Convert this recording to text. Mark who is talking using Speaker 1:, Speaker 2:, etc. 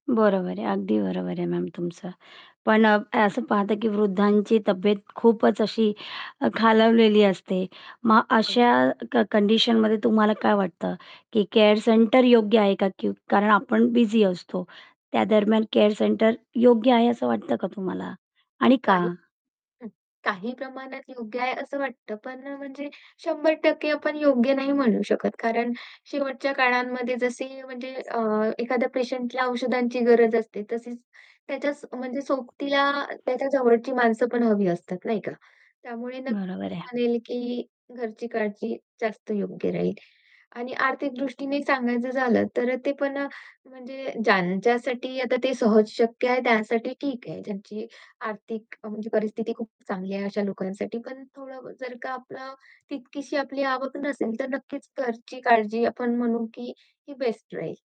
Speaker 1: बरोबर आहे, अगदी बरोबर आहे मॅम तुमचं. पण अ, असं पाहता की वृद्धांची तब्येत खूपच अशी अ, खालावलेली असते, मग
Speaker 2: बरोबर.
Speaker 1: अशा क कंडिशनमध्ये तुम्हाला काय वाटतं की केअर सेंटर योग्य आहे का की कारण आपण बिझी असतो, त्यादरम्यान केअर सेंटर योग्य आहे असं वाटतं का तुम्हाला आणि
Speaker 2: आणि
Speaker 1: का?
Speaker 2: काही हं, काही प्रमाणात योग्य आहे असं वाटतं पण अ, म्हणजे 100% आपण योग्य नाही म्हणू शकत. कारण शेवटच्या काळांमध्ये जसे म्हणजे अ, एखाद्या पेशंटला औषधांची गरज असते, तशीच त्याच्या म्हणजे सोबतीला त्याच्या जवळची माणसं पण हवी असतात, नाही का? त्यामुळे
Speaker 1: बरोबर
Speaker 2: नक्की
Speaker 1: आहे.
Speaker 2: म्हणेल की घरची काळजी जास्त योग्य राहील आणि आर्थिक दृष्टीने सांगायचं झालं तर अ, ते पण अ, म्हणजे ज्यांच्यासाठी आता ते सहज शक्य आहे, त्यांसाठी ठीक आहे, ज्यांची आर्थिक म्हणजे परिस्थिती खूप चांगली आहे अशा लोकांसाठी पण थोडं जर का आपलं तितकीशी आपली आवक नसेल, तर नक्कीच घरची काळजी आपण म्हणू की ही बेस्ट राहील.